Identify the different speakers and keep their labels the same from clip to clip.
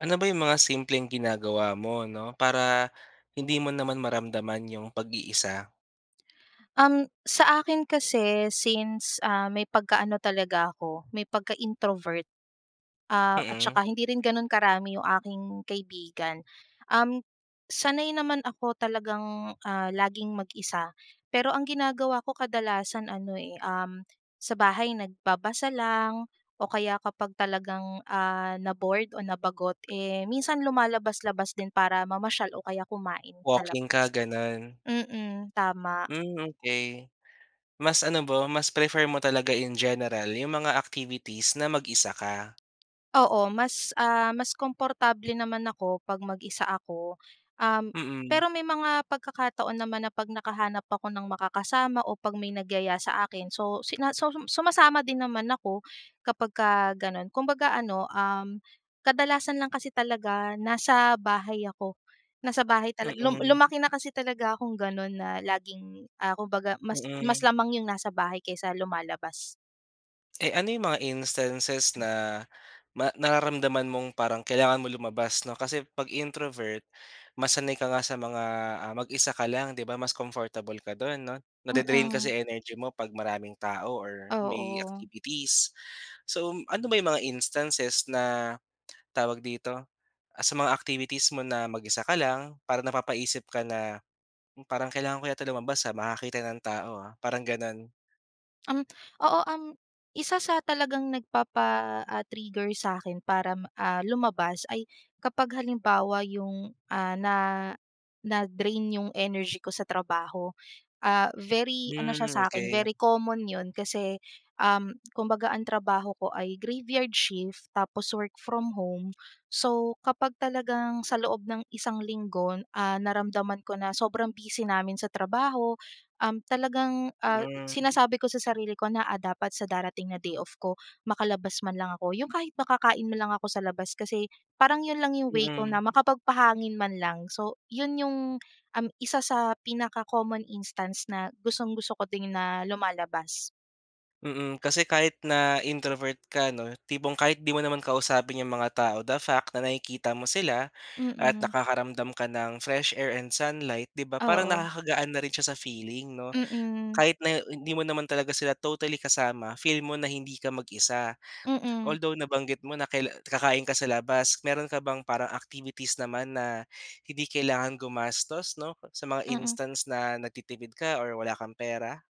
Speaker 1: Ano ba yung mga simpleng ginagawa mo, 'no, para hindi mo naman maramdaman 'yung pag-iisa?
Speaker 2: Um, sa akin kasi, since, ah, may pagkaano talaga ako, may pagka-introvert. Ah, at
Speaker 1: Mm.
Speaker 2: saka hindi rin gano'n karami 'yong aking kaibigan. Um, sanay naman ako talagang, ah, laging mag-isa, pero ang ginagawa ko kadalasan ano, eh, um, sa bahay nagbabasa lang o kaya kapag talagang, ah, na-bored o nabagot, eh, minsan lumalabas-labas din para mamasyal o kaya kumain sa
Speaker 1: Walking ka,
Speaker 2: labas.
Speaker 1: gano'n?
Speaker 2: Mm, tama.
Speaker 1: Hmm, okey. Mas ano ba, mas prefer mo talaga in general 'yong mga activities na mag-isa ka?
Speaker 2: Oo. Mas ah, mas komportable naman ako 'pag mag-isa ako. Um,
Speaker 1: Mm.
Speaker 2: pero may mga pagkakataon naman na 'pag nakahanap ako ng makakasama, o 'pag may nagyaya sa akin, so, sina suhum sumasama din naman ako kapagka gano'n. Kumbaga ano, um, kadalasan lang kasi talaga nasa bahay ako, nasa bahay talag lum
Speaker 1: Mm.
Speaker 2: lumaki na kasi talaga akong gano'n na laging, ah, kumbaga mas mas
Speaker 1: Mm.
Speaker 2: lamang 'yong nasa bahay kaysa lumalabas.
Speaker 1: Eh, ano 'yong mga instances na ma nararamdaman mong parang kailangan mong lumabas 'no. Kasi, 'pag introvert mas sanay ka nga sa mga, ah, mag-isa ka lang 'di ba mas comfortable ka do'n 'no, na-de-drain kasi
Speaker 2: Mm.
Speaker 1: energy mo 'pag maraming tao or may
Speaker 2: Oo.
Speaker 1: activities. So, ano ba 'yong mga instances na, tawag dito? Ah, sa mga activities mo na mag-isa ka lang para napapaisip ka na, "Parang kailangan ko yata lumabas, ah, makakita ng tao, ah," parang gano'n?
Speaker 2: Um, oo um, 1 sa talagang nagpapa, ah, trigger sa akin para, ah, lumabas ay kapag halimbawa 'yong, ah, na, na-drain 'yong energy ko sa trabaho. Ah, very ano siya
Speaker 1: Mm,
Speaker 2: sa 'kin
Speaker 1: okey.
Speaker 2: very common 'yon kasi, um, kumbaga ang trabaho ko ay graveyard shift tapos work from home. So, kapag talagang sa loob ng isang linggo n ah, naramdaman ko na sobrang busy namin sa trabaho, um, talagang, ah,
Speaker 1: Mm.
Speaker 2: sinasabi ko sa sarili ko na, "Ah dapat sa darating na day off ko makalabas man lang ako." Yung kahit makakain lang ako sa labas kasi parang 'yon lang yung way ko na
Speaker 1: Mm.
Speaker 2: makapagpahangin man lang. So 'yon yung, um, 1 sa pinaka common instance na gustong-gusto ko din na lumalabas.
Speaker 1: Mm, kasi kahit na introvert ka, 'no, tipong kahit 'di mo naman kausapin 'yong mga tao, the fact na nakikita mo sila at
Speaker 2: Mm.
Speaker 1: nakakaramdam ka ng fresh air and sunlight, 'di ba, parang
Speaker 2: Oo.
Speaker 1: nakakagaan na rin siya sa feeling, 'no?
Speaker 2: Mm.
Speaker 1: Kahit na hindi mo naman talaga sila totally kasama, feel mo na hindi ka mag-isa.
Speaker 2: Mm.
Speaker 1: Although nabanggit mo na kaila kakain ka sa labas, meron ka bang parang activities naman na hindi kailangan gumastos, 'no, sa mga
Speaker 2: Mm.
Speaker 1: instance na nagtitipid ka or wala kang pera?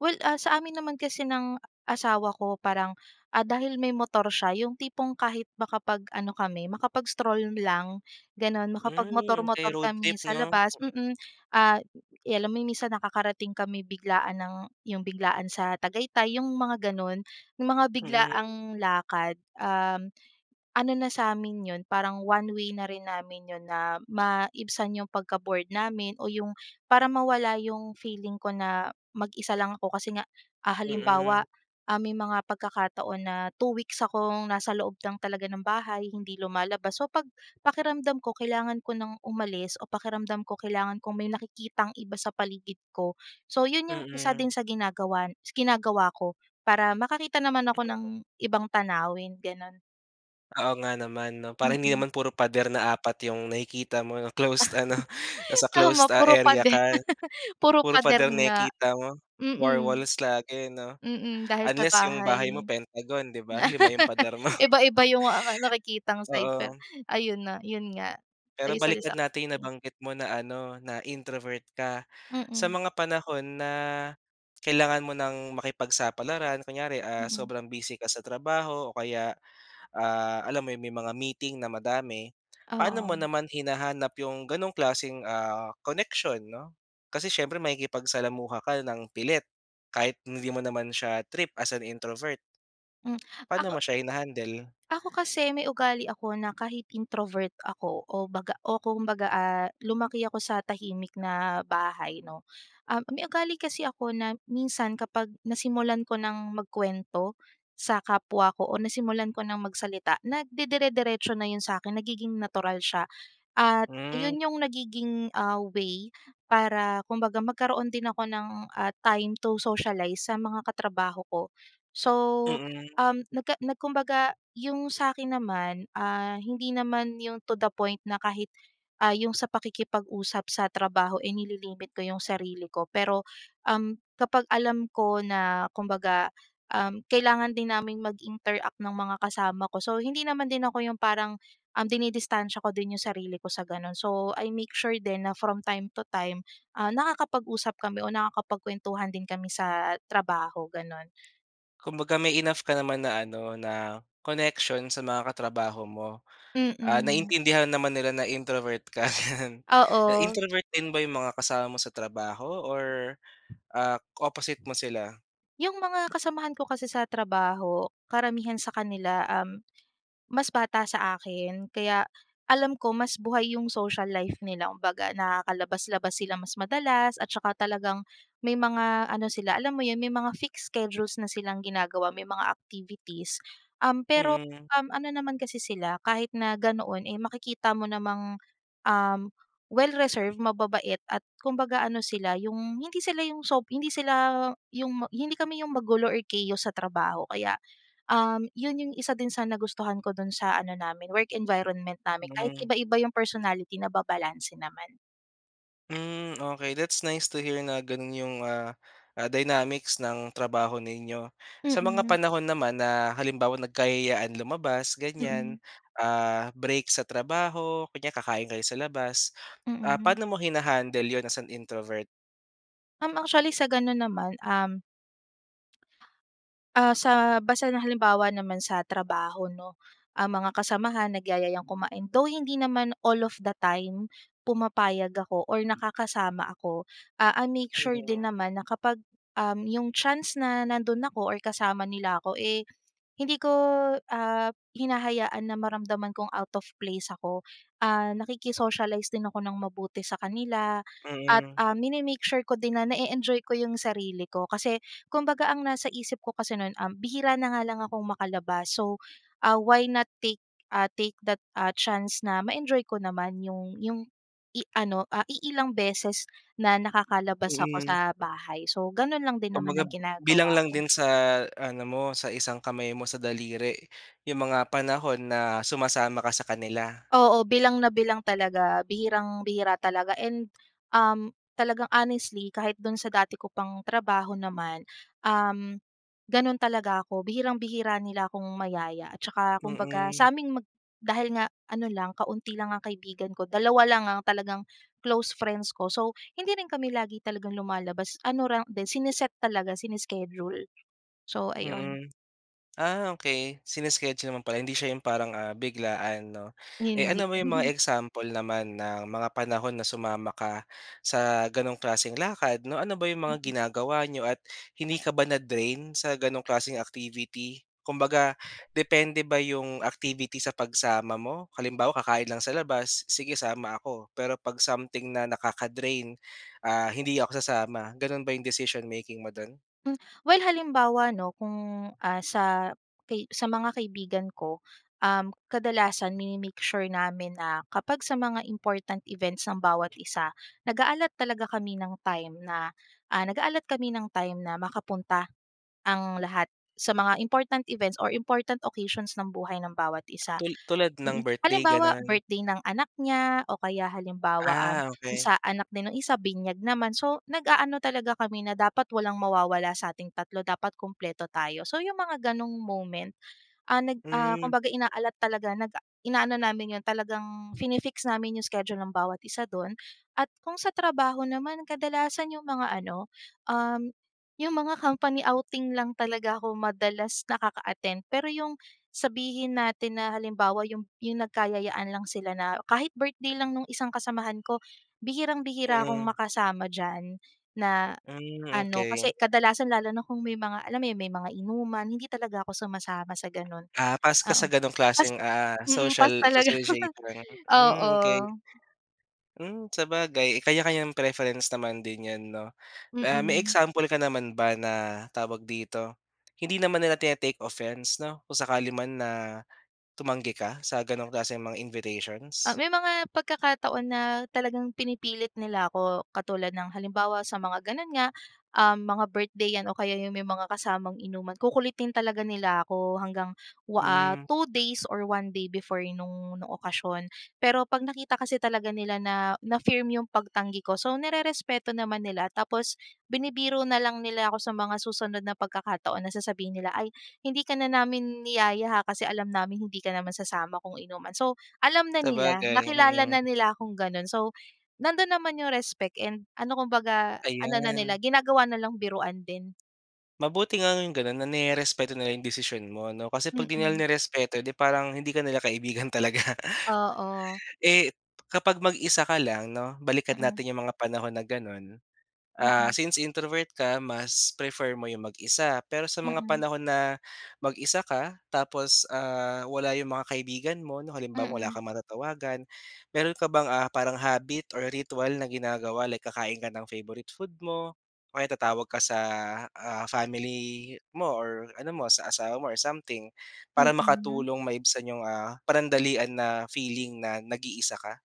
Speaker 2: Well, ah, sa amin naman kasi ng asawa ko parang, ah, dahil may motor siya, yung tipong kahit makapag-ano kami, makapag-stroll lang, ganun,
Speaker 1: Hmm, okey
Speaker 2: makapagmotor-motor
Speaker 1: road
Speaker 2: kami
Speaker 1: trip,
Speaker 2: sa
Speaker 1: 'no?
Speaker 2: labas mm. Ah, 'yan, alam mo, minsan nakakarating kami biglaan ng yung biglaan sa Tagaytay, yung mga, gano'n. Yung mga
Speaker 1: Mm.
Speaker 2: biglaang lakad, um, ano na sa'min 'yon, parang one way na rin namin 'yon na maibsan 'yong pagka-bored namin o 'yong, para mawala 'yong feeling ko na mag-isa lang ako. Kasi nga, ah, halimbawa,
Speaker 1: Mm.
Speaker 2: ah, may mga pagkakataon na 2 weeks akong nasa loob lang talaga ng bahay, hindi lumalabas. So, 'pag pakiramdam ko, kailangan ko nang umalis o pakiramdam ko, kailangan kong may nakikitang iba sa paligid ko, so 'yon 'yong isa
Speaker 1: Mm.
Speaker 2: din sa ginagawan ginagawa ko para makakita naman ako ng ibang tanawin, gano'n.
Speaker 1: Oo nga naman, 'no, para hindi
Speaker 2: Mm.
Speaker 1: naman puro pader na 4 'yong nakikita mo na closed ano nasa
Speaker 2: Tama
Speaker 1: closed, ah
Speaker 2: puro
Speaker 1: area ka.
Speaker 2: pader, puro
Speaker 1: Puro
Speaker 2: pader
Speaker 1: pader
Speaker 2: nga.
Speaker 1: nakikita mo, war
Speaker 2: Mm.
Speaker 1: walls lagi, 'no?
Speaker 2: Mm, dahil sa
Speaker 1: Unless 'yong bahay mo
Speaker 2: bahay.
Speaker 1: pentagon 'di ba, 5 'yong pader mo.
Speaker 2: Iba-iba yung ah, nakikitang sides per
Speaker 1: Oo.
Speaker 2: ayun na, yun nga.
Speaker 1: Pero
Speaker 2: Ay,
Speaker 1: balikan
Speaker 2: isa-isa
Speaker 1: natin yung
Speaker 2: [unintelligible]
Speaker 1: nabanggit mo na ano, na introvert ka. Sa
Speaker 2: Mm.
Speaker 1: mga panahon na kailangan mo ng makipagsapalaran, kunyari, ah,
Speaker 2: Mm.
Speaker 1: sobrang busy ka sa trabaho o kaya, ah, alam mo iyun, may mga meeting na madami. Paano mo
Speaker 2: Oo.
Speaker 1: naman hinahanap 'yong gano'n klaseng, ah, connection 'no? Kasi siyempre makikipagsalamuha ka nang pilit, kahit hindi mo naman siya trip as an introvert.
Speaker 2: Mm,
Speaker 1: Paano
Speaker 2: ako
Speaker 1: mo siya hina-handle?
Speaker 2: ako kasi, may ugali ako na kahit introvert ako o baga o kumbaga, ah lumaki ako sa tahimik na bahay, 'no. Um, may ugali kasi ako na minsan kapag nasimulan ko nang magkuwento sa kapwa ko, o nasimulan ko nang magsalita, nagdede-deretso na iyun sa 'kin, nagiging natural siya. At
Speaker 1: Mm.
Speaker 2: iyun 'yung nagiging, ah, way para kumbaga magkaroon din ako ng, ah, time to socialize sa mga katrabaho ko. So,
Speaker 1: Mm.
Speaker 2: um nagka na kumbaga, yung sa 'kin naman, ah, hindi naman yung to the point na kahit, ah, yung sa pakikipag-usap sa trabaho, eh, nililimit ko yung sarili ko. Pero, um, kapag alam ko na, kumbaga, um, kailangan din naming mag-interact ng mga kasama ko, so, hindi naman din ako 'yung parang, um, dinidistansya ko din yung sarili ko sa ganun. So, I make sure din na from time to time, ah, nakakapag-usap kami o nakakapagkwentuhan din kami sa trabaho ganon.
Speaker 1: Kumbaga may enough ka naman na ano na connection sa mga katrabaho mo. Ah,
Speaker 2: Mm.
Speaker 1: naintindihan naman nila na introvert ka, 'yan.
Speaker 2: Oo.
Speaker 1: Introvert din ba 'yong mga kasama mo sa trabaho or, ah, opposite mo sila?
Speaker 2: 'Yung mga kasamahan ko kasi sa trabaho, karamihan sa kanila um, mas bata sa akin, kaya alam ko mas buhay yung social life nila. Kumbaga, nakakalabas-labas sila mas madalas, at saka talagang may mga ano sila alam mo 'yun, may mga fixed schedules na silang ginagawa, may mga activities. Um, pero,
Speaker 1: Mm.
Speaker 2: um, ano naman kasi sila kahit na ganoon, eh makikita mo namang, um, well-reserved, mababait, at kumbaga, ano sila yung, hindi sila yung sob hindi sila yung ma hindi kami yung magulo or chaos sa trabaho. Kaya, uhm, iyun 'yung isa din sa nagustuhan ko dun sa ano namin work environment namin, kahit
Speaker 1: Mhm.
Speaker 2: iba-iba yung personality nababalanse naman.
Speaker 1: Hmm, okay that's nice to hear na ganun yung ah, ah dynamics ng trabaho ninyo. Sa mga
Speaker 2: Mm.
Speaker 1: panahon naman na halimbawang nagkayayaan lumabas ganyan,
Speaker 2: Mm.
Speaker 1: ah, break sa trabaho kunya kakain kayo sa labas, ah,
Speaker 2: Mm.
Speaker 1: paano mo hinahandle 'yon as an introvert?
Speaker 2: Uhm, actually sa ganun naman uhm ah, sa basta na halimbawa naman sa trabaho, 'no? Ah, mga kasamahan nagyayayang kumain, though hindi naman all of the time pumapayag ako or nakakasama ako. Ah, I make sure din
Speaker 1: Mm.
Speaker 2: naman na kapag, uhm, yung chance na nando'n ako or kasama nila ako, eh, hindi ko, ah, hinahayaan na maramdaman kong out of place ako. Ah, nakiki-socialize din ako ng mabuti sa kanila at,
Speaker 1: Mm.
Speaker 2: ah, mine-make sure ko din na na-e-enjoy ko yung sarili ko. Kasi kumbaga ang nasa isip ko kasi no'n, uhm, bihira na nga lang akong makalabas, so, ah, why not take ah, take that, ah, chance na ma-enjoy ko naman yung yung i ano, iilang beses na nakakalabas ako
Speaker 1: Mm.
Speaker 2: sa bahay. So, gano'n lang din naman ang
Speaker 1: Kumbaga bilang
Speaker 2: ginagawa
Speaker 1: lang
Speaker 2: ko.
Speaker 1: din sa ano mo sa isang kamay mo sa daliri yung mga panahon na sumasama ka sa kanila.
Speaker 2: Oo, bilang na bilang talaga. Bihirang bihira talaga and, um, talagang honestly kahit do'n sa dati ko pang trabaho naman, um, gano'n talaga ako. Bihirang-bihira nila akong mayaya at tsaka kumbaga
Speaker 1: Mm.
Speaker 2: sa 'ming mag dahil nga ano lang kaunti lang ang kaibigan ko, dalawa lang ang talagang close friends ko, so, hindi rin kami lagi talagang lumalabas. Ano lang din, sine-set talaga, sine-schedule. So, ayun.
Speaker 1: Mm, ah, okey sine-schedule mo pala, hindi siya yung parang, ah, biglaan, 'no? Eh,
Speaker 2: Hindi.
Speaker 1: ano ba yung mga example naman ng mga panahon na sumama ka sa ganong klaseng lakad, 'no? Ano ba 'yong mga
Speaker 2: Mm.
Speaker 1: ginagawa niyo at hindi ka ba na-drain sa ganong klaseng activity? Kumbaga depende ba yung activity sa pagsama mo? Halimbawa, kakain lang sa labas, sige sama ako. Pero 'pag something na nakaka-drain, ah, hindi ako sasama. Gano'n ba yung decision making mo do'n?
Speaker 2: Mm, well halimbawa, 'no, kung, ah, sa kai sa mga kaibigan ko, uhm, kadalasan mine-make sure namin na kapag sa mga important events ng bawat isa, nag-a-allot talaga kami ng time na, ah, nag-a-allot kami ng time na makapunta ang lahat sa mga important events or important occasions ng buhay ng bawat isa
Speaker 1: Tul tulad
Speaker 2: mm.
Speaker 1: ng birthday,
Speaker 2: Halimbawa,
Speaker 1: ganun?
Speaker 2: birthday ng anak niya o kaya halimbawa, um,
Speaker 1: Ah, okey.
Speaker 2: sa anak din ng isa binyag naman. So, nag-aano talaga kami na "Dapat walang mawawala sa ating tatlo, dapat kumpleto tayo." So, yung mga ganong moment, ah, nag, ah,
Speaker 1: Mm.
Speaker 2: kumbaga ina-allot talaga nag ah, inaano namin 'yon talagang fini-fix namin yung schedule ng bawat isa do'n. At kung sa trabaho naman, kadalasan yung mga ano, uhm, yung mga company outing lang talaga ako madalas nakaka-attend. Pero yung sabihin natin na halimbawa yump yung nagkayayaan lang sila na kahit birthday lang no'ng isang kasamahan ko, bihirang bihira akong
Speaker 1: Mm.
Speaker 2: makasama diyan na
Speaker 1: Mm,
Speaker 2: ano kasi
Speaker 1: okey.
Speaker 2: kadalasan lalo na kung may mga alam mo 'yon, may mga inuman, hindi talaga ako sumasama sa gano'n
Speaker 1: Ah, pass ka
Speaker 2: oo.
Speaker 1: sa ganong
Speaker 2: Pass
Speaker 1: klaseng, ah,
Speaker 2: mm,
Speaker 1: social
Speaker 2: pass talaga,
Speaker 1: socialization. Mm,
Speaker 2: oo.
Speaker 1: okey. Mm, sabagay kanya-kanyang preference naman din 'yan, 'no. Ah, may
Speaker 2: Mm.
Speaker 1: example ka naman ba na, tawag dito, hindi naman nila tine-take offense, 'no, kung sakali man na tumanggi ka sa ganong klaseng mga
Speaker 2: Ah,
Speaker 1: invitations?
Speaker 2: may mga pagkakataon na talagang pinipilit nila ako katulad ng halimbawa sa mga ganun nga, uhm, mga birthday 'yan o kaya yung may mga kasamang inuman. Kukulitin talaga nila ako hanggang wa ah,
Speaker 1: Mm.
Speaker 2: 2 days or 1 day before nung, nung okasyon. Pero 'pag nakita kasi talaga nila na, na firm yung pagtanggi ko, so, nirerespeto naman nila, tapos binibiro na lang nila ako sa mga susunod na pagkakataon na sasabihin nila, "Ay hindi ka na namin niyaya, ha, kasi alam namin hindi ka naman sasama kung inuman." So, alam na nila,
Speaker 1: Sabagay,
Speaker 2: nakilala
Speaker 1: mm.
Speaker 2: na nila akong ganun. So, nandun naman yung respect and ano kumbaga ano na nila
Speaker 1: Ayan.
Speaker 2: ginagawa na lang biruan din.
Speaker 1: Mabuti nga yung gano'n na nirerespeto nila yung desisyon mo 'no. Kasi 'pag di nila
Speaker 2: Mm.
Speaker 1: nirespeto, eh, 'di parang hindi ka nila kaibigan talaga.
Speaker 2: Oo.
Speaker 1: Eh, kapag mag-isa ka lang 'no, balikan
Speaker 2: Mm.
Speaker 1: natin yung mga panahon na gano'n. Ah,
Speaker 2: Mm.
Speaker 1: since introvert ka mas prefer mo yung mag-isa. Pero sa mga
Speaker 2: Mm.
Speaker 1: panahon na mag-isa ka tapos, ah, wala yung mga kaibigan mo 'no, halimbawa wala
Speaker 2: Mm.
Speaker 1: kang matatawagan. Mayro'n ka bang, ah, parang habit or ritual na ginagawa like kakain ka ng favorite food mo o kaya tatawag ka sa, ah, family mo or ano mo sa asawa mo or something para
Speaker 2: Mm.
Speaker 1: makatulong maibsan yung, ah, panandalian na feeling na nag-iisa ka?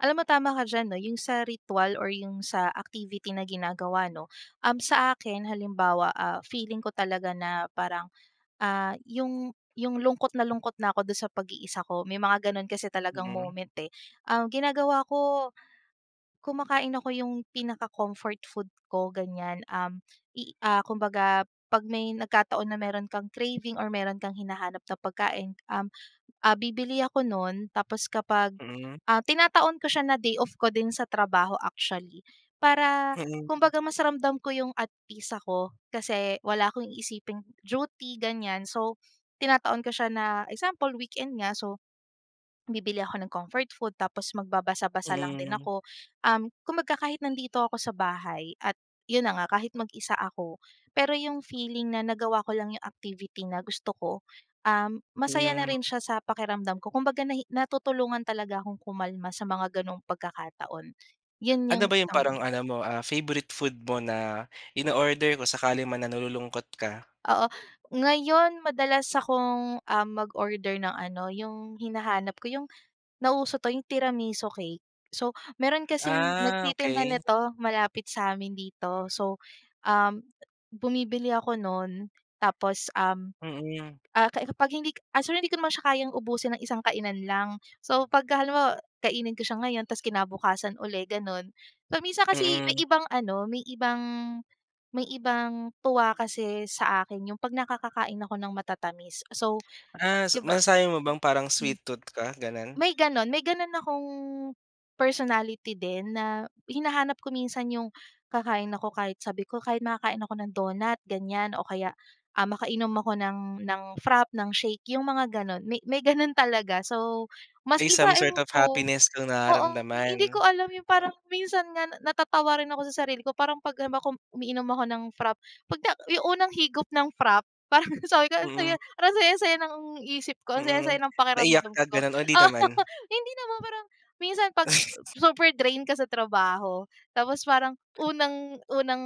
Speaker 2: Alam mo, tama ka diyan 'no, yung sa ritwal or yung sa activity na ginagawa 'no. Um, sa akin halimbawa, ah, feeling ko talaga na parang, ah, yung, yung lungkot na lungkot na ako do'n sa pag-iisa ko may mga gano'n kasi talagang
Speaker 1: Mhm.
Speaker 2: moment, eh. Um, ginagawa ko, kumakain ako yung pinaka comfort food ko ganyan. Um, i kumbaga pag may nagkataon na mayro'n kang craving or mayro'n kang hinahanap na pagkain, um, ah, bibili ako no'n tapos kapag
Speaker 1: Mm.
Speaker 2: ah, tinataon ko siya na day off ko din sa trabaho actually. Para,
Speaker 1: Mm.
Speaker 2: kumbaga mas ramdam ko yung at peace ako kasi wala akong iisiping duty ganyan. So, tinataon ko siya na, example weekend nga so, bibili ako ng comfort food tapos magbabasa-basa lang din
Speaker 1: Mm.
Speaker 2: ako. Um, kumbaga kahit nandito ako sa bahay at 'yon na nga kahit mag-isa ako pero yung feeling na nagawa ko lang yung activity na gusto ko, um, masaya na
Speaker 1: Mhm.
Speaker 2: rin siya sa pakiramdam ko kumbaga nahi natutulungan talaga akong kumalma sa mga gano'ng pagkakataon. 'Yon
Speaker 1: Ano
Speaker 2: yung
Speaker 1: ba yung
Speaker 2: isang
Speaker 1: parang
Speaker 2: way.
Speaker 1: ano mo, ah, favorite food mo na inoorder kung sakali man na nalulungkot ka?
Speaker 2: Oo. Ngayon madalas akong, ah, mag-order ng ano yung hinahanap ko yung nauso 'to yung tiramisu cake. So, mayro'n kasing
Speaker 1: Ah,
Speaker 2: nagtitinda
Speaker 1: okey.
Speaker 2: nito malapit sa amin dito. So, um, bumibili ako no'n tapos, um,
Speaker 1: Mm.
Speaker 2: ah, ka eh, kapag hindi k actually hindi ko naman siya kayang ubusin ng isang kainan lang. So, pagka halimbawa kainin ko siya ngayon tapos kinabukasan uli, gano'n. Paminsan kasi may
Speaker 1: Mm.
Speaker 2: ibang ano may ibang, may ibang tuwa kasi sa akin yung 'pag nakakakain ako ng matatamis. So,
Speaker 1: Ah, s
Speaker 2: di ba
Speaker 1: masasabi mo bang parang
Speaker 2: mm,
Speaker 1: sweet tooth ka gano'n?
Speaker 2: may gano'n may gano'n akong personality din, na hinahanap ko minsan yung kakain ako kahit sabi ko, "Kahit makakain ako ng donut" ganyan o kaya, ah, makainom ako ng ng frappe, ng shake, yung mga gano'n. May may gano'n talaga. So, mas
Speaker 1: May
Speaker 2: iba
Speaker 1: some sort
Speaker 2: ewan
Speaker 1: of
Speaker 2: ko,
Speaker 1: happiness kang
Speaker 2: oo hindi
Speaker 1: nararamdaman?
Speaker 2: ko alam yung parang minsan nga natatawa rin ako sa sarili ko parang 'pag halimbawa kum umiinom ako ng frappe 'pag ta yung unang higop ng frappe parang sabi ko ang
Speaker 1: Mm.
Speaker 2: saya parang ang saya-saya ng isip ko ang saya-saya
Speaker 1: Mm.
Speaker 2: ng
Speaker 1: Naiyak
Speaker 2: pakiramdam
Speaker 1: ka
Speaker 2: ko.
Speaker 1: gano'n, o 'di
Speaker 2: Oo,
Speaker 1: naman?
Speaker 2: hindi naman pero minsan 'pag super drain ka sa trabaho, tapos parang unang, unang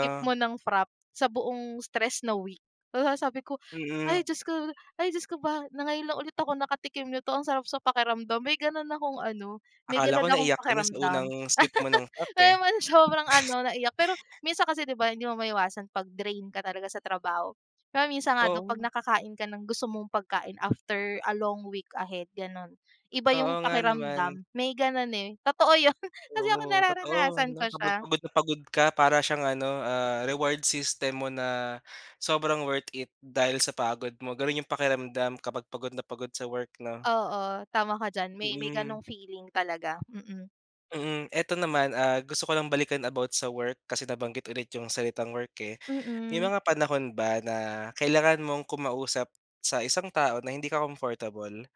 Speaker 2: sip mo ng frappe sa buong stress na week. Hala sabi ko,
Speaker 1: Mm.
Speaker 2: "Ay, Diyos ko ay Diyos ko ba na ngayon na lang ulit ako nakatikim nito ang sarap sa pakiramdam" may gano'n akong ano may
Speaker 1: Akala
Speaker 2: gano'n
Speaker 1: ko
Speaker 2: akong
Speaker 1: naiyak ka na sa
Speaker 2: pakiramdam.
Speaker 1: unang sip mo ng frappe, eh.
Speaker 2: Kaya naman sobrang ano naiyak pero minsan kasi 'di ba hindi mo maiwasan 'pag drain ka talaga sa trabaho. Pero minsan nga daw 'pag
Speaker 1: Oo.
Speaker 2: nakakain ka ng gusto mong pagkain after a long week ahead gano'n, iba yung
Speaker 1: Oo nga naman.
Speaker 2: pakiramdam, may gano'n, eh. Totoo 'yon kasi ako
Speaker 1: Oo, totoo
Speaker 2: nararanasan
Speaker 1: 'no,
Speaker 2: ko
Speaker 1: kapag
Speaker 2: siya.
Speaker 1: pagod na pagod ka para siyang ano, ah, reward system mo na sobrang worth it, dahil sa pagod mo. Gano'n yung pakiramdam kapag pagod na pagod sa work 'no?
Speaker 2: Oo, tama ka diyan may, may
Speaker 1: Mm.
Speaker 2: gano'ng feeling talaga, mm.
Speaker 1: Mm. Ito naman, ah, gusto ko lang balikan about sa work, kasi nabanggit ulit yung salitang work, eh. May
Speaker 2: Mm.
Speaker 1: mga panahon ba na kailangan mong kumausap sa isang tao na hindi ka comfortable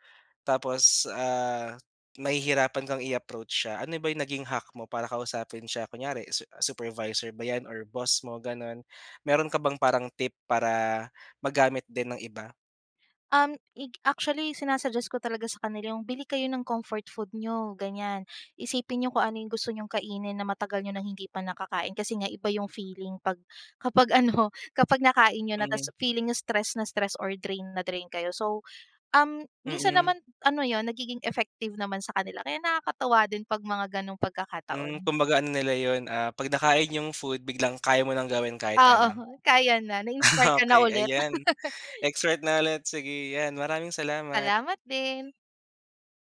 Speaker 1: tapos, ah, mahihirapan kang i-approach siya. Ano ba yung naging hack mo para kausapin siya kunyari su supervisor ba 'yan or boss mo gano'n, mayro'n ka bang parang tip para magamit din ng iba?
Speaker 2: Um, ik actually sinasuggest ko talaga sa kanila yung, "Bili kayo ng comfort food n'yo" ganyan. "Isipin n'yo kung ano yung gusto n'yong kainin na matagal n'yo nang hindi pa nakakain kasi nga iba yung feeling 'pag, kapag ano kapag nakain n'yo na
Speaker 1: Hmm.
Speaker 2: tapos feeling n'yo stress na stress or drain na drain kayo." So, um, minsan
Speaker 1: Mm.
Speaker 2: naman ano 'yon nagiging effective naman sa kanila kaya nakakatuwa din 'pag mga gano'ng
Speaker 1: Mm,
Speaker 2: pagkakataon.
Speaker 1: kumbaga ano nila 'yon, ah, 'pag nakain yung food biglang kaya mo nang gawin kahit ano.
Speaker 2: Oo, kaya na. Na-inspire ka na
Speaker 1: Okey,
Speaker 2: ulit.
Speaker 1: ayan, expert na ulit sige 'yan maraming salamat.
Speaker 2: Salamat din.